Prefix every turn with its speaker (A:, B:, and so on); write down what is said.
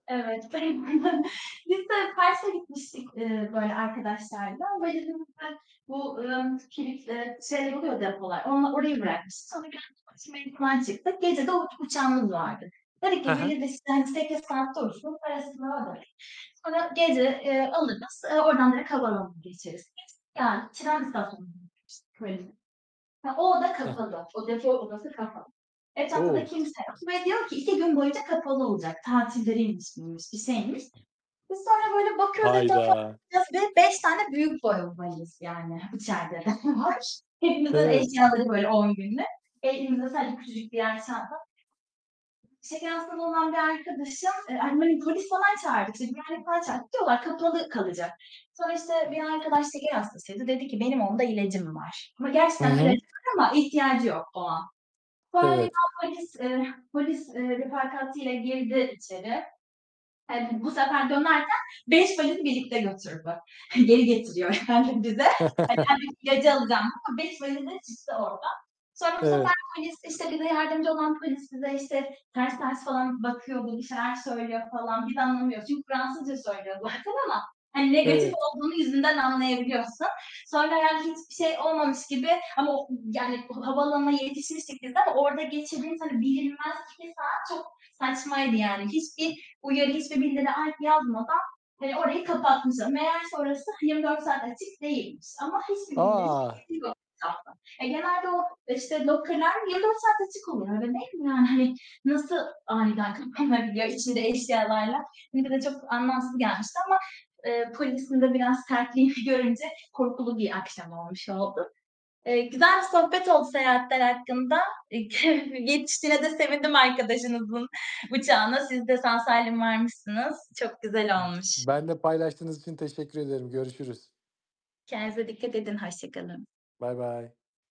A: Evet. [unintelligible] Biz de Kars'a gitmiştik, ııı, böyle, arkadaşlarla, valizimizde bu, ımm, kilit, ııı, şeyler oluyor depolar, onla orayı bırakmıştık. Sonra geldik dolaşmaya falan çıktık. Gece de uç uçağımız vardı. Tabii
B: He
A: ki
B: he.
A: valiz, işte, 8 saat dursun, parasını ödedik. Sonra gece, eee, alırız. Eee, oradan direkt havaalanına geçeriz biz. Geldik, tren istasyonuna bırakmıştık valizi. He, o oda
B: He he.
A: kapalı, o depo odası kapalı. Etrafta da
B: O!
A: kimse yok ve diyor ki, "2 gün boyunca kapalı olacak." Tatilleriymiş miymiş, bir şeymiş. Biz sonra böyle bakıyoruz etrafa
B: Hayda!
A: [unintelligible] 5 tane büyük boy valiz, yani, içeride var. Hepimizin
B: Evet.
A: eşyaları böyle 10 günde. Elimizde sadece küçücük birer çanta. Şeker hastalığı olan bir arkadaşım E, hani böyle polis falan çağırdık, işte, güvenlik falan çağırdık. Diyorlar, kapalı kalacak. Sonra işte bir arkadaş şeker hastasıydı. Dedi ki, "Benim onda ilacım var." Ama
B: I
A: gerçekten de ilacı
B: hı.
A: var ama ihtiyacı yok o an. Sonra
B: Evet.
A: birden polis, eee, polis, eee, refakatiyle girdi içeri. He, b bu sefer dönerken 5 valiz birlikte götürdü. Geri getiriyor, yani bize. Hani, kendim ilacı alacağım ama 5 valizle çıktı oradan. Sonra, işte, bu sefer
B: Evet.
A: polis, bize yardımcı olan polis bize, işte, bize ters ters falan bakıyor, böyle, bir şeyler söylüyor falan biz de anlamıyoruz. Çünkü Fransızca söylüyor zaten ama hani negatif
B: Evet.
A: olduğunu yüzünden anlayabiliyorsun. Sonra herhangi hiçbir şey olmamış gibi ama o ı yani o havaalanına yetişmiştik biz de ama orada geçirdiğimiz hani bilinmez 2 saat çok saçmaydı yani. Hiçbir uyarı, hiçbir bildiri [unintelligible] yazmadan, eee, orayı kapatmışlar. Meğerse orası, hani, 24 saat açık değilmiş ama hiçbir bildirim
B: A!
A: hiçbir şey yok etrafta. E, genelde o, işte, locker'lar 24 saat açık olur öyle, değil mi? Yani, hani, nasıl aniden kapanabiliyor içinde eşyalarla? Bize de çok anlamsız gelmişti ama, ııı, polisin de biraz sertliğini görünce korkulu bir akşam olmuş oldu. Eee, güzel bir sohbet oldu seyahatler hakkında. E, yetiştiğine de sevindim arkadaşınızın uçağına. Siz de sağ salim varmışsınız. Çok güzel olmuş.
B: Benimle paylaştığınız için teşekkür ederim. Görüşürüz.
A: Kendinize dikkat edin. Hoşça kalın.
B: Baybay.